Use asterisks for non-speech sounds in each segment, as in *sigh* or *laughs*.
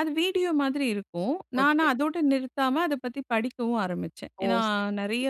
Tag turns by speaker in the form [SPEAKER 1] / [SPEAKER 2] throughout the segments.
[SPEAKER 1] அது வீடியோ மாதிரி இருக்கும்.
[SPEAKER 2] ஓ! சரி,
[SPEAKER 1] நான
[SPEAKER 2] சரி.
[SPEAKER 1] அதோட நிறுத்தாம அத பத்தி படிக்கவும் ஆரம்பிச்சேன்.
[SPEAKER 2] ஓ!
[SPEAKER 1] ஏனா,
[SPEAKER 2] சரி.
[SPEAKER 1] நெறைய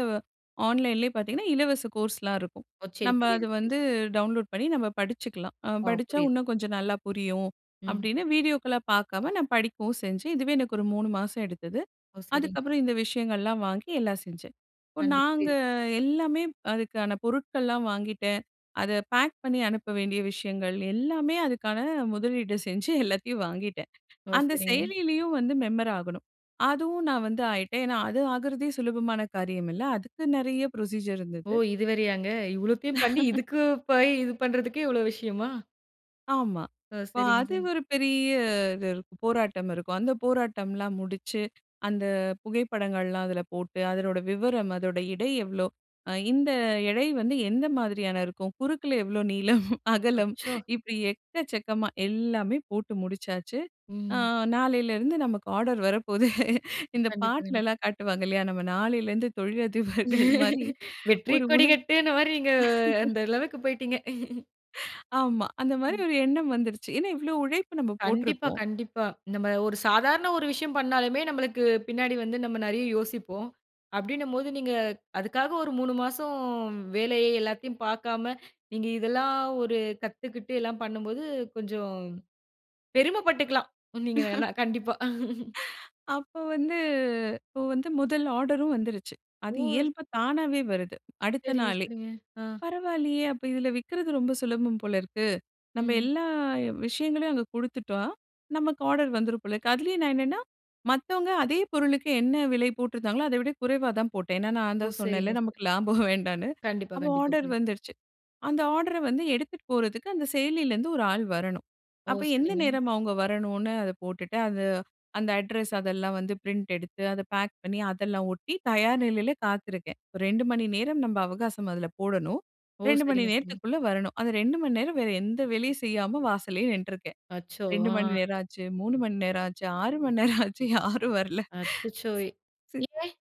[SPEAKER 1] ஆன்லைன்லேயே பார்த்தீங்கன்னா, இலவச கோர்ஸ்லாம் இருக்கும்.
[SPEAKER 2] ஓ! சரி,
[SPEAKER 1] நம்ம அத
[SPEAKER 2] புரியுது, புரியுது.
[SPEAKER 1] வந்து டவுன்லோட் பண்ணி நம்ம படிச்சுக்கலாம்.
[SPEAKER 2] ஓ!
[SPEAKER 1] படிச்சா
[SPEAKER 2] புரியுது.
[SPEAKER 1] இன்னும் கொஞ்சம் நல்லா புரியும்
[SPEAKER 2] ம்.
[SPEAKER 1] அப்படின்னு, வீடியோக்கள பார்க்காம நான் படிக்கவும் செஞ்சேன். இதுவே எனக்கு ஒரு 3 மாசம் எடுத்தது.
[SPEAKER 2] ஓ! சரிங்க.
[SPEAKER 1] அதுக்கப்புறம் இந்த விஷயங்கள்லாம் வாங்கி எல்லாம் செஞ்சேன். இப்ப
[SPEAKER 2] கண்டி
[SPEAKER 1] நாங்க
[SPEAKER 2] புரியுது.
[SPEAKER 1] எல்லாமே அதுக்கான பொருட்கள்லாம் வாங்கிட்டேன். அத பேக் பண்ணி அனுப்ப வேண்டிய விஷயங்கள் எல்லாமே அதுக்கான முதலீடு செஞ்சு எல்லாத்தையும் வாங்கிட்டேன்.
[SPEAKER 2] ஓ!
[SPEAKER 1] அந்த
[SPEAKER 2] சரிங்க.
[SPEAKER 1] செயலிலேயும் வந்து மெம்பர் ஆகணும், அதுவும் நான் வந்து ஆயிட்டேன். ஏனா, அது ஆகறதே சுலபமான காரியம் இல்ல அதுக்கு நெறைய ப்ரொசீஜர்
[SPEAKER 2] ஓ!
[SPEAKER 1] இருந்தது.
[SPEAKER 2] இது வேறையாங்க. இவ்வளோத்தையும் பண்ணி
[SPEAKER 1] *laughs*
[SPEAKER 2] இதுக்கு போய் இது பண்றதுக்கே இவ்ளோ விஷயமா?
[SPEAKER 1] ஆமா.
[SPEAKER 2] ஓ!
[SPEAKER 1] இப்ப
[SPEAKER 2] சரிங்க,
[SPEAKER 1] அது
[SPEAKER 2] சரிங்க.
[SPEAKER 1] ஒரு பெரிய இது இருக்கு போராட்டம் இருக்கும். அந்த போராட்டம்லாம் முடிச்சு, அந்த புகைப்படங்கள்லாம் அதில போட்டு அதனோட விவரம் அதோட எடை எவ்வளோ, இந்த எடை வந்து எந்த மாதிரியான இருக்கும். குறுக்கில எவ்ளோ நீளம், *laughs* அகலம்
[SPEAKER 2] அச்சோ!
[SPEAKER 1] இப்படி எக்கச்சக்கமா எல்லாமே போட்டு முடிச்சாச்சு, ஆ
[SPEAKER 2] ம்.
[SPEAKER 1] நாலேளருந்து நமக்கு ஆர்டர் வரப்போகுது, இந்த
[SPEAKER 2] கண்டிப்பா, கண்டிப்பா.
[SPEAKER 1] பாட்டுலலாம் காட்டுவாங்க இல்லையா? நம்ம நாளிலேருந்து தொழிலதிபர்கள் மாரி
[SPEAKER 2] *laughs* "வெற்றி
[SPEAKER 1] ஒரு உணர்வு.
[SPEAKER 2] கொடிகட்டுனா," மாரி நீங்க
[SPEAKER 1] *laughs*
[SPEAKER 2] அந்த அளவுக்கு போய்டீங்க.
[SPEAKER 1] ஆமா அந்த மாரி
[SPEAKER 2] ம்.
[SPEAKER 1] ஒரு எண்ணம் வந்துருச்சு. ஏனா, இவ்வளோ உழைப்பு நம்ம
[SPEAKER 2] கண்டிப்பா,
[SPEAKER 1] போட்டுருக்கோம்.
[SPEAKER 2] கண்டிப்பா. நம்ம ஒரு சாதாரண ஒரு விஷயம் பண்ணாலுமே நம்மளுக்கு பின்னாடி வந்து நம்ம நிறைய யோசிப்போம். அப்படின்னும் போது நீங்க அதுக்காக ஒரு 3 மாதம் வேலையை எல்லாத்தையும் பார்க்காம நீங்க இதெல்லாம் ஒரு கத்துக்கிட்டு எல்லாம் பண்ணும்போது கொஞ்சம் பெருமை பட்டுக்கலாம். நீங்க
[SPEAKER 1] *laughs*
[SPEAKER 2] கண்டிப்பா. *laughs*
[SPEAKER 1] அப்ப வந்து அப்ப வந்து முதல் ஆர்டரும் வந்துருச்சு, அது
[SPEAKER 2] ஓ!
[SPEAKER 1] இயல்பு தானாவே வருது அடுத்த
[SPEAKER 2] சரிங்க,
[SPEAKER 1] நாளே.
[SPEAKER 2] சரிங்க. ஆ.
[SPEAKER 1] பரவாயில்லையே, அப்போ இதில விற்கிறது ரொம்ப சுலபம் போல இருக்கு. நம்ம
[SPEAKER 2] ம்.
[SPEAKER 1] எல்லா விஷயங்களையும் அங்க குடுத்துட்டா நமக்கு ஆர்டர் வந்துரும் போல இருக்கு, அதுலேயே நான் என்னன்னா மத்தவங்க அதே பொருளுக்கு என்ன விலை போட்டிருந்தாங்களோ, அதவிட குறைவா தான் போட்டேன். ஏனா, நான்
[SPEAKER 2] ஓ!
[SPEAKER 1] தான் சொன்னேன்ல
[SPEAKER 2] சரிங்க, சரிங்க.
[SPEAKER 1] நமக்கு லாபம் வேண்டான்னு. *laughs*
[SPEAKER 2] கண்டிப்பா,
[SPEAKER 1] அப்போ ஆர்டர்
[SPEAKER 2] கண்டிப்பா.
[SPEAKER 1] வந்துருச்சு. அந்த ஆர்டர வந்து எடுத்துட்டு போறது அந்த செயலிலேருந்து ஒரு ஆள் வரணும்.
[SPEAKER 2] ஓ!
[SPEAKER 1] அப்போ எந்த
[SPEAKER 2] சரிங்க.
[SPEAKER 1] நேரம் அவங்க வரணும்னு அத போட்டுட்டு, அது அந்த அட்ரஸ் அதெல்லாம் வந்து பிரிண்ட் எடுத்து, அத பேக் பண்ணி அதெல்லாம் ஒட்டி தயார் நிலையில காத்திருக்கேன். 2 மணி நேரம் நம்ம அவகாசம் அதில போடணும்,
[SPEAKER 2] ஓ!
[SPEAKER 1] 2 மணி
[SPEAKER 2] சரிங்க, சரிங்க.
[SPEAKER 1] நேரத்துக்குள்ள வரணும், அந்த 2 மணி நேரம் வேற எந்த வேலையும் செய்யாம வாசல்லயே நின்ட்ருக்கேன்.
[SPEAKER 2] அச்சோ!
[SPEAKER 1] 2 மணி நேரம் ஆச்சு, 3 மணி நேரம் ஆச்சு, 6 மணி நேரம் ஆச்சு *laughs* யாரும் வரல.
[SPEAKER 2] அச்சச்சோ!
[SPEAKER 1] சி.
[SPEAKER 2] ஏன்?